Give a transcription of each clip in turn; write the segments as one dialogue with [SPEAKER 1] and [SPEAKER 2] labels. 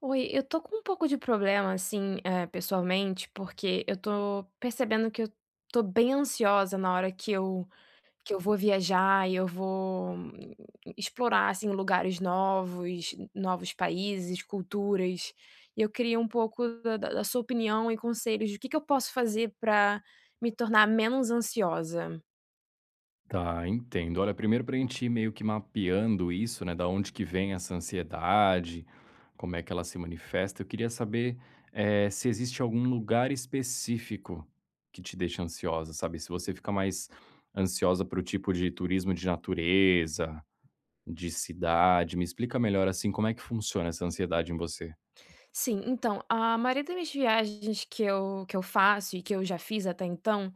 [SPEAKER 1] Oi, eu estou com um pouco de problema assim eh, pessoalmente porque eu estou percebendo que eu estou bem ansiosa na hora que eu, que eu vou viajar e eu vou explorar assim lugares novos, novos países, culturas, e eu queria um pouco da da da sua opinião e conselhos, o que que eu posso fazer para me tornar menos ansiosa?
[SPEAKER 2] Tá, entendo. Olha 1º para gente ir meio que mapeando isso né, da onde que vem essa ansiedade, como é que ela se manifesta, eu queria saber, eh, se existe algum lugar específico que te deixa ansiosa, sabe, se você fica mais ansiosa para o tipo de turismo de natureza, de cidade, me explica melhor assim como é que funciona essa ansiedade em você?
[SPEAKER 1] Sim, então a maioria das minhas viagens que eu que eu faço e que eu já fiz até então,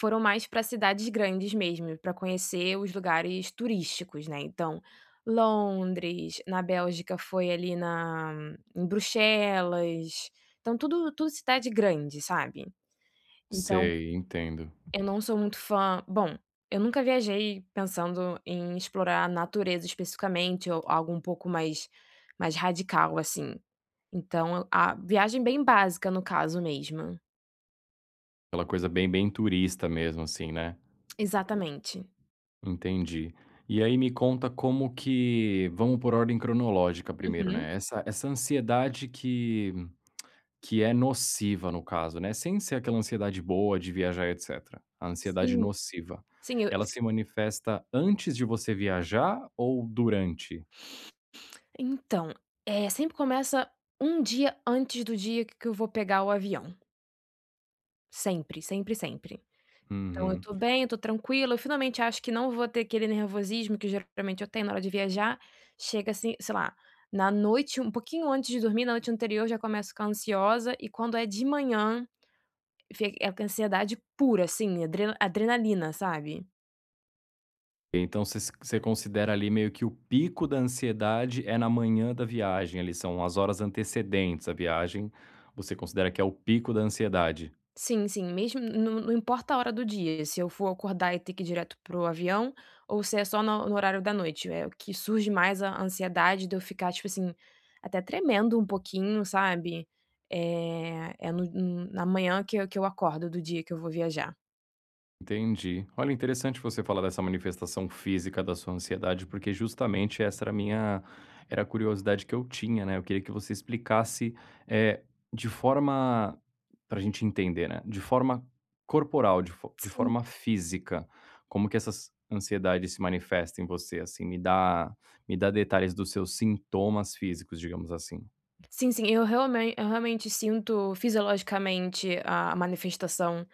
[SPEAKER 1] foram mais para cidades grandes mesmo, para conhecer os lugares turísticos né então, Londres, na Bélgica foi ali na em Bruxelas, então tudo tudo cidade grande, sabe, então,
[SPEAKER 2] Sei, entendo.
[SPEAKER 1] eu não sou muito fã, bom eu nunca viajei pensando em explorar a natureza especificamente ou algo um pouco mais mais radical assim, então a viagem bem básica no caso mesmo.
[SPEAKER 2] Aquela coisa bem, bem turista mesmo assim, né.
[SPEAKER 1] Exatamente.
[SPEAKER 2] Entendi. E aí me conta como que vamos por ordem cronológica 1º,
[SPEAKER 1] Uhum.
[SPEAKER 2] né, essa essa ansiedade que que é nociva no caso né, sem ser aquela ansiedade boa de viajar etcétera, a ansiedade
[SPEAKER 1] Sim,
[SPEAKER 2] nociva.
[SPEAKER 1] sim eu.
[SPEAKER 2] Ela se manifesta antes de você viajar ou durante?
[SPEAKER 1] Então, eh, sempre começa 1 dia antes do dia qu que eu vou pegar o avião sempre, sempre, sempre. Então eu
[SPEAKER 2] Uhum.
[SPEAKER 1] tô bem eu tô tranquila eu finalmente acho que não vou ter aquele nervosismo que geralmente eu tenho na hora de viajar, chega assim, sei lá, na noite um pouquinho antes de dormir na noite anterior já começo ficar ansiosa e quando é de manhã, fi ansiedade pura assim adre adrenalina, sabe.
[SPEAKER 2] Então você você considera ali meio que o pico da ansiedade é na manhã da viagem, ali são as horas antecedentes a viagem, você considera que é o pico da ansiedade?
[SPEAKER 1] Sim, sim mesmo não não importa a hora do dia se eu for acordar e ter que ir direto para o avião ou se é só no no horário da noite é o que surge mais a ansiedade de eu ficar tipo assim, até tremendo um pouquinho sabe, eh, é no na manhã que eu que eu acordo do dia que eu vou viajar.
[SPEAKER 2] Entendi. Olha interessante você falar dessa manifestação física da sua ansiedade porque justamente essa era minha era a curiosidade que eu tinha, né, eu queria que você explicasse, eh, de forma para gente entender, né, de forma corporal de fo de
[SPEAKER 1] Sim.
[SPEAKER 2] forma física, como que essas ansiedade se manifesta em você, assim, me dá me dá detalhes dos seus sintomas físicos digamos assim.
[SPEAKER 1] Sim, sim, eu real eu realmente sinto fisiologicamente a manifestação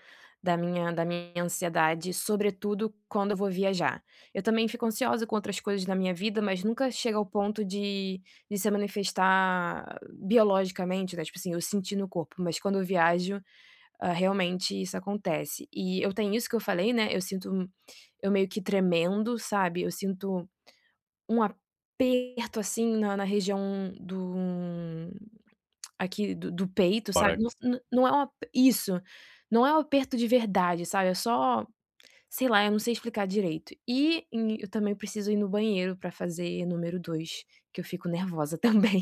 [SPEAKER 1] da minha da minha ansiedade sobretudo quando eu vou viajar. Eu também fico ansiosa com outras coisas na minha vida mas nunca chega ao ponto de de se manifestar biologicamente, né, tipo assim eu senti no corpo mas quando eu viajo, eh, realmente isso acontece e eu tenho isso que eu falei, né, eu sinto eu meio que tremendo sabe, eu sinto um aperto assim na na região do aqui do do peito sabe, não
[SPEAKER 2] Parex.
[SPEAKER 1] não não é um isso, não é um aperto de verdade, sabe eu só sei lá eu não sei explicar direito e eu também preciso ir no banheiro para fazer número 2, que eu fico nervosa também.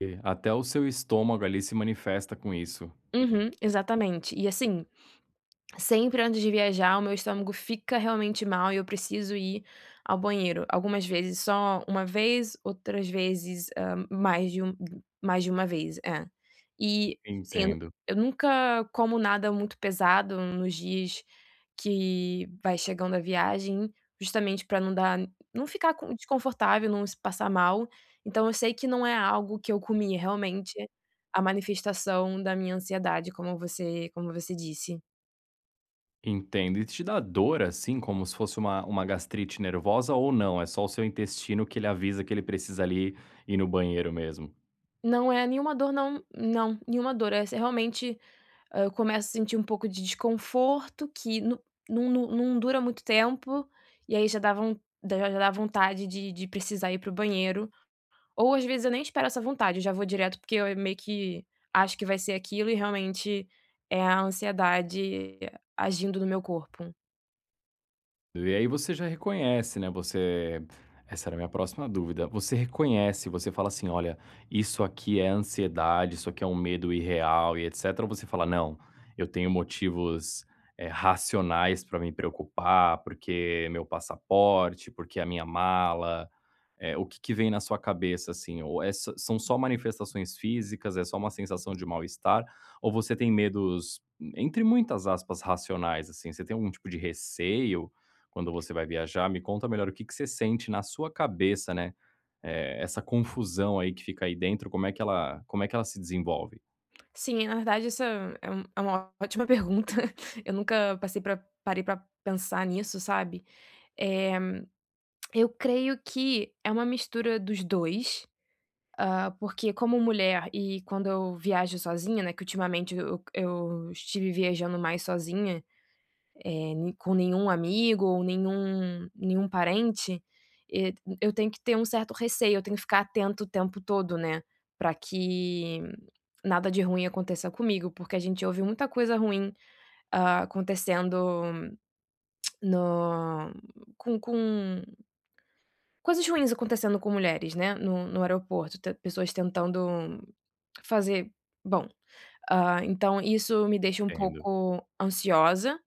[SPEAKER 2] E, até o seu estômago ali se manifesta com isso.
[SPEAKER 1] Uhum. Exatamente e assim, sempre antes de viajar o meu estômago fica realmente mal e eu preciso ir ao banheiro, algumas vezes só uma vez, outras vezes, hã, mais de uma mais de uma vez é, e tipo assim eu
[SPEAKER 2] Entendo.
[SPEAKER 1] eu nunca como nada muito pesado nos dias que vai chegando a viagem, justamente para não dar não ficar desconfortável, não se passar mal, então eu sei que não é algo que eu comi, realmente a manifestação da minha ansiedade como você como você disse.
[SPEAKER 2] Entendo. E te dá dor assim, como se fosse uma uma gastrite nervosa, ou não, é só o seu intestino que ele avisa que ele precisa, ali, ir no banheiro mesmo?
[SPEAKER 1] Não é nenhuma dor não não é nenhuma dor essa. Realmente, eu começo a sentir um pouco de desconforto que no no dura muito tempo, e aí já dá von da da já dá vontade de de precisar ir para o banheiro, ou às vezes eu nem espero essa vontade, já vou direto porque eu meio que acho que vai ser aquilo e realmente é a ansiedade agindo no meu corpo.
[SPEAKER 2] E aí você já reconhece, né, você essa era a minha próxima dúvida, você reconhece, você fala assim: "Olha, isso aqui é ansiedade, isso aqui é um medo irreal e etcétera", ou você fala: "Não, eu tenho motivos, eh, racionais pra me preocupar, porque é meu passaporte, porque é a minha mala"? Eh, o que que vem na sua cabeça assim, ou é são só manifestações físicas, é só uma sensação de mal-estar, ou você tem medos, entre muitas aspas, racionais, assim? Você tem algum tipo de receio quando você vai viajar? Me conta melhor o que que você sente na sua cabeça, né, eh, essa confusão aí que fica aí dentro, como é que ela como é que ela se desenvolve?
[SPEAKER 1] Sim, na verdade, essa é é uma é uma ótima pergunta eu nunca passei para parei para pensar nisso sabe, eh, eu creio que é uma mistura dos 2, ah, porque como mulher, e quando eu viajo sozinha, né, que ultimamente, eu eu estive viajando mais sozinha, eh, n com nenhum amigo ou nenhum nenhum parente, eh, t eu tenho que ter um certo receio, eu tenho que ficar atento o tempo todo, né, para que nada de ruim aconteça comigo, porque a gente ouve muita coisa ruim acontecendo no com com coisas ruins acontecendo com mulheres, né, no no aeroporto, te pessoas tentando fazer bom, ah, então isso me deixa um
[SPEAKER 2] Entendo.
[SPEAKER 1] pouco ansiosa,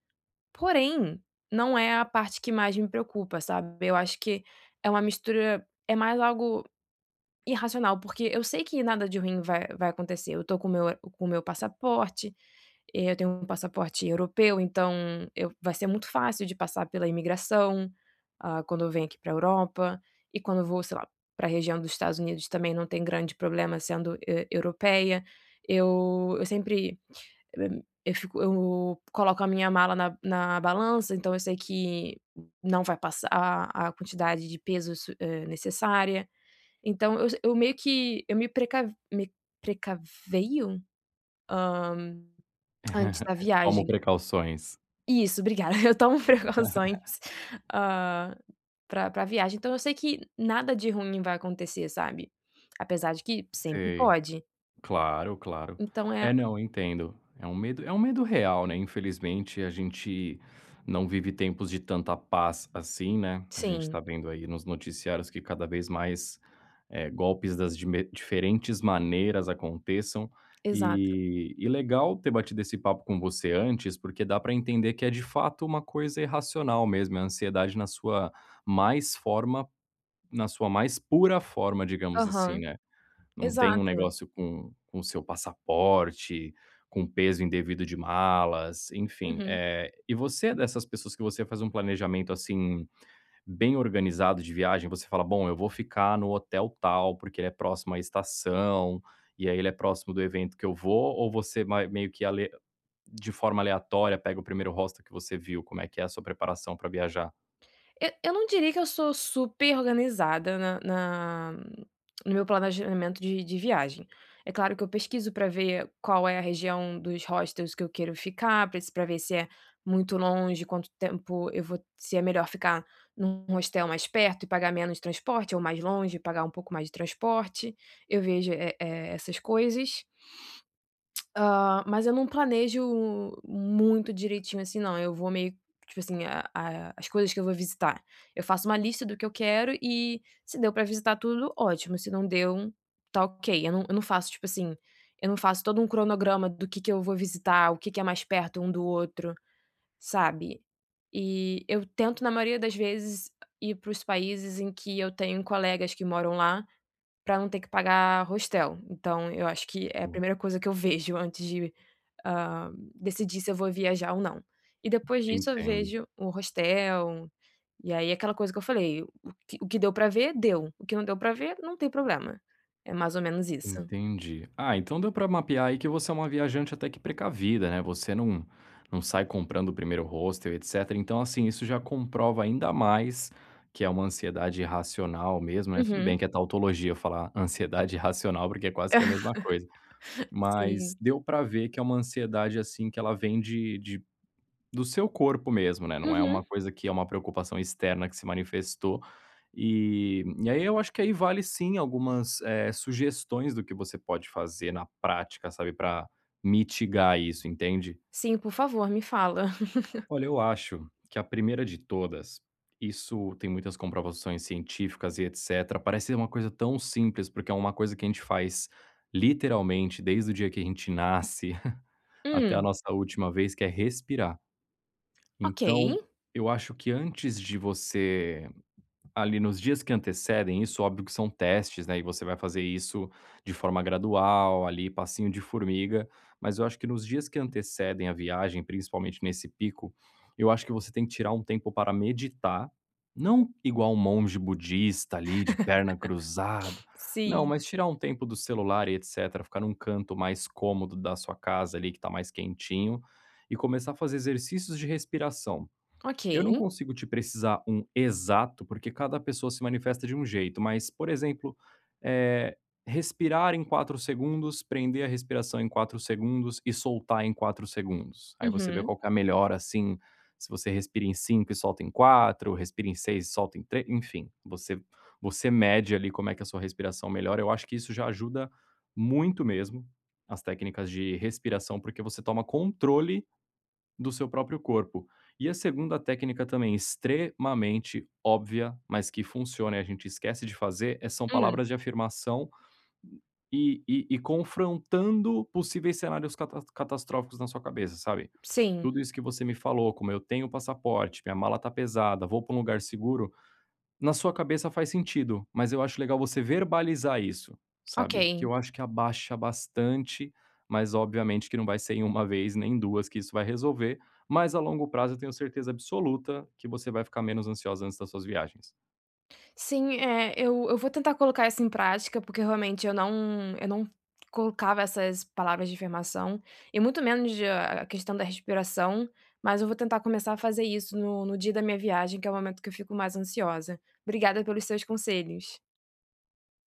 [SPEAKER 1] porém não é a parte que mais me preocupa sabe, eu acho que é uma mistura, é mais algo irracional, porque eu sei que nada de ruim vai vai acontecer, eu estou com o meu com o meu passaporte, eh, eu tenho um passaporte europeu, então eu vai ser muito fácil de passar pela imigração, ah, quando eu venho aqui para Europa, e quando eu vou, sei lá, para região do Estados Unidos também não tem grande problema sendo eu europeia, eu eu sempre, [unintelligible] eu fico eu coloco a minha mala na na balança, então eu sei que não vai passar a quantidade de peso s eh, necessária. Então eu j eu meio que eu me precav me precaveio? Ah, antes da
[SPEAKER 2] Tomo
[SPEAKER 1] viagem.
[SPEAKER 2] precauções.
[SPEAKER 1] Isso, obrigada, eu tomo preocupações ah, para para viagem, então eu sei que nada de ruim vai acontecer, sabe. Apesar de que sempre
[SPEAKER 2] Sei,
[SPEAKER 1] pode.
[SPEAKER 2] claro, claro.
[SPEAKER 1] Então é
[SPEAKER 2] É, não, entendo, é um medo é um medo real, né, infelizmente a gente não vive tempos de tanta paz assim, né, a gente está
[SPEAKER 1] Sim.
[SPEAKER 2] vendo aí, nos noticiários que cada vez mais, eh, golpes das me diferentes maneiras aconteçam, eh,
[SPEAKER 1] Exato.
[SPEAKER 2] e legal ter batido esse papo com você antes, porque dá para entender que é, de fato, uma coisa irracional mesmo, é ansiedade na sua mais forma na sua mais pura forma, digamos assim,
[SPEAKER 1] Aham,
[SPEAKER 2] né. Não tem um
[SPEAKER 1] exato.
[SPEAKER 2] negócio com com o seu passaporte, com o peso indevido de malas, enfim,
[SPEAKER 1] Uhum.
[SPEAKER 2] eh, e você dessas pessoas que você faz um planejamento assim, bem organizado de viagem, você fala: "Bom, eu vou ficar no hotel tal, porque ele é próximo à estação, e aí ele é próximo do evento que eu vou", ou você mai meio que ale de forma aleatória pega o primeiro hostel que você viu, como é que é a sua preparação para viajar?
[SPEAKER 1] Eu eu não diria que eu sou super organizada na na no meu planejamento de de viagem. É claro que eu pesquiso para ver qual é a região dos hostels que eu quero ficar, para se para ver se é muito longe, quanto tempo eu vou se é melhor ficar em um hostel mais perto e pagar menos transporte ou mais longe e pagar um pouco mais de transporte, eu vejo, eh, e essas coisas. Ah, mas eu não planejo muito direitinho assim não, eu vou meio, tipo assim, a a as coisas que eu vou visitar, eu faço uma lista do que eu quero e, se deu para visitar tudo, ótimo, se não deu, está ok, eu não eu não faço tipo assim, eu não faço todo um cronograma do que que eu vou visitar, o que que é mais perto um do outro, sabe. E eu tento, na maioria das vezes, ir para os países em que eu tenho colegas que moram lá, para não ter que pagar hostel, então eu acho que é a
[SPEAKER 2] O
[SPEAKER 1] primeira coisa que eu vejo antes de, ah, decidir se eu vou viajar ou não. E, depois disso, eu
[SPEAKER 2] Entendo.
[SPEAKER 1] vejo o hostel, e aí aquela coisa que eu falei, o que o que deu para ver, deu, o que não deu para ver, não tem problema, é mais ou menos isso.
[SPEAKER 2] Entendi. Ah, então deu para mapear aí, que você é uma viajante até que precavida, né, você não não sai comprando o primeiro hostel, etcétera. Então assim, isso já comprova ainda mais que é uma ansiedade racional mesmo, né, tudo
[SPEAKER 1] Uhum.
[SPEAKER 2] bem que é tautologia falar ansiedade racional, porque é quase que a mesma coisa, mas
[SPEAKER 1] Sim.
[SPEAKER 2] deu para ver que é uma ansiedade assim, que ela vem de de do seu corpo mesmo, né, não é
[SPEAKER 1] Uhum.
[SPEAKER 2] uma coisa que é uma preocupação externa que se manifestou. Eh, e aí eu acho que aí vale sim, algumas, eh, sugestões do que você pode fazer na prática, sabe, para mitigar isso, entende?
[SPEAKER 1] Sim por favor, me fala!
[SPEAKER 2] Olha, eu acho que a 1º de todas, isso tem muitas comprovações científicas e etcétera, parece ser uma coisa tão simples, porque é uma coisa que a gente faz, literalmente, desde o dia que a gente nasce, até a
[SPEAKER 1] Hum.
[SPEAKER 2] nossa última vez, que é respirar.
[SPEAKER 1] Ok.
[SPEAKER 2] Então, eu acho que antes de você, ali, nos dias que antecedem, isso óbvio que são testes, né, e você vai fazer isso de forma gradual ali, passinho de formiga, mas eu acho que nos dias que antecedem a viagem, principalmente nesse pico, eu acho que você tem que tirar um tempo para meditar, não igual um monge budista ali, de perna cruzada. Não,
[SPEAKER 1] Sim.
[SPEAKER 2] tirar um tempo do celular e etcétera, ficar em um canto mais cômodo da sua casa ali, que está mais quentinho, e começar a fazer exercícios de respiração.
[SPEAKER 1] Ok.
[SPEAKER 2] Eu não consigo te precisar um exato, porque cada pessoa se manifesta de um jeito, mas, por exemplo, eh, respirar em 4 segundos, prender a respiração em 4 segundos e soltar em 4 segundos. Aí você vê
[SPEAKER 1] Uhum.
[SPEAKER 2] qual que é a melhora assim, se você respira em 5 e solta em 4. respira em 6 e solta 3, enfim, você você mede ali, como é que a sua respiração melhora, eu acho que isso já ajuda muito mesmo, as técnicas de respiração, porque você toma controle do seu próprio corpo. E a 2° técnica também extremamente óbvia, mas que funciona e a gente esquece de fazer é, são
[SPEAKER 1] Sim.
[SPEAKER 2] palavras de afirmação, e e e confrontando possíveis cenários cata catastróficos na sua cabeça, sabe.
[SPEAKER 1] Sim.
[SPEAKER 2] Tudo isso que você me falou: "Como eu tenho passaporte, minha mala está pesada, vou para um lugar seguro", na sua cabeça faz sentido, mas eu acho legal você verbalizar isso, sabe, que
[SPEAKER 1] Ok.
[SPEAKER 2] eu acho que abaixa bastante, mas obviamente que não vai ser em 1 vez, nem 2 que isso vai resolver, mas, a longo prazo, eu tenho certeza absoluta que você vai ficar menos ansiosa antes das suas viagens.
[SPEAKER 1] Sim, eh, eu eu vou tentar colocar isso em prática, porque realmente eu não eu não colocava essas palavras de afirmação, e muito menos de a a questão da respiração, mas eu vou tentar começar a fazer isso no no dia da minha viagem, que é o momento que eu fico mais ansiosa. Obrigada pelos seus conselhos.